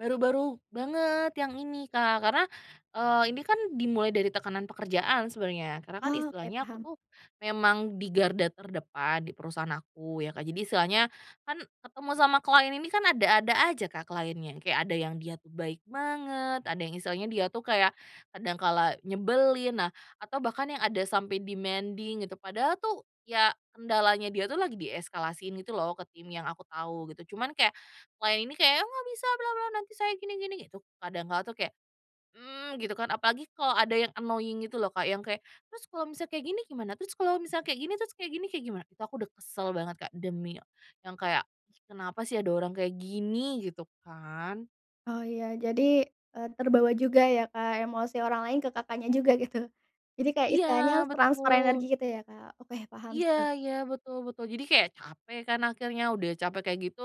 Baru-baru banget yang ini Kak. Karena, eee, ini kan dimulai dari tekanan pekerjaan sebenarnya, karena kan Ya, oke, istilahnya aku paham. tuh memang di garda terdepan di perusahaan aku ya Kak. Jadi istilahnya kan ketemu sama client ini kan, ada-ada aja Kak, client-nya, kayak ada yang dia tu baik banget, ada yang, istilahnya dia tuh kayak kadang kala nyebelin, nah atau bahkan yang ada sampai demanding gitu. Padahal tuh ya kendalanya dia tuh lagi dieskalasiin gitu loh, ke tim yang aku tau gitu, cuman kayak, client ini kayak, "Ya, aku nggak bisa, bla bla nanti saya gini gini." Gitu kadang kala tuh kayak, mmm, gitu kan, apalagi kalau ada yang annoying gitu loh Kak, yang kayak, "Terus kalau misal kayak gini gimana? Terus kalau misal kayak gini, terus kayak gini, kayak gimana?" Itu aku udah kesel banget Kak, demi, yang kayak, "Kenapa sih ada orang kayak gini?" Gitu kan. Oh iya, jadi, eee, terbawa juga ya Kak, emosi orang lain ke Kakaknya juga gitu. Jadi kayak Iya istilahnya transfer energi betul. gitu ya Kak, oke paham Iya sih. iya, betul betul, jadi kayak capek kan akhirnya, udah capek kayak gitu.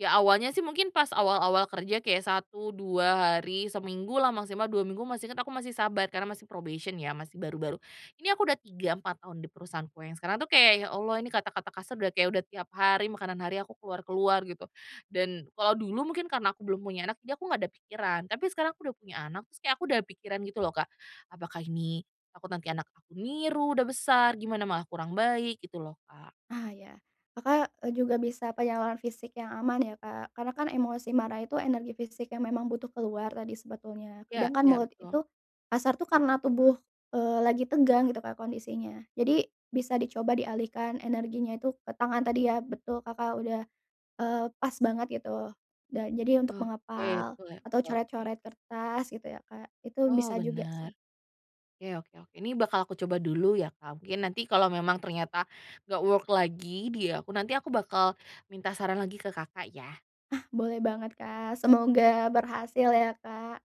Ya awalnya sih, mungkin pas awal-awal kerja kayak 1, 2 hari, seminggu lah, maksimal 2 minggu, masih inget, aku masih sabar karena masih probation ya, masih baru-baru. Ini aku udah 3, 4, tahun di perusahaanku yang sekarang tuh kayak, "Ya Allah ini kata-kata kasar udah kayak, udah tiap hari makanan hari aku keluar-keluar." Gitu. Dan kalau dulu mungkin karena aku belum punya anak, di aku nggak ada pikiran, tapi sekarang aku udah punya anak, terus kayak aku udah pikiran gitu loh Kak, "Apakah ini, takut nanti anak aku niru, udah besar, gimana malah kurang baik." Gitu loh Kak. Ah, iya. Kakak, eee, juga bisa penyaluran fisik yang aman ya Kak, karena kan emosi marah itu energi fisik yang memang butuh keluar tadi sebetulnya, Ya sedangkan ya, mulut betul. itu, kasar tuh karena tubuh, eee, lagi tegang gitu Kak, kondisinya. Jadi bisa dicoba dialihkan energinya itu ke tangan tadi ya. Betul Kakak udah, eee, pas banget gitu. Dan jadi untuk Oke, mengepal betul ya, atau oke. coret-coret kertas gitu ya Kak, itu Oh bisa juga sih. bener. Ke oke oke, ini bakal aku coba dulu ya Kak, mungkin nanti kalau memang ternyata nggak work lagi di aku, nanti aku bakal minta saran lagi ke Kakak ya. Ah, boleh banget Kak, semoga berhasil ya Kak.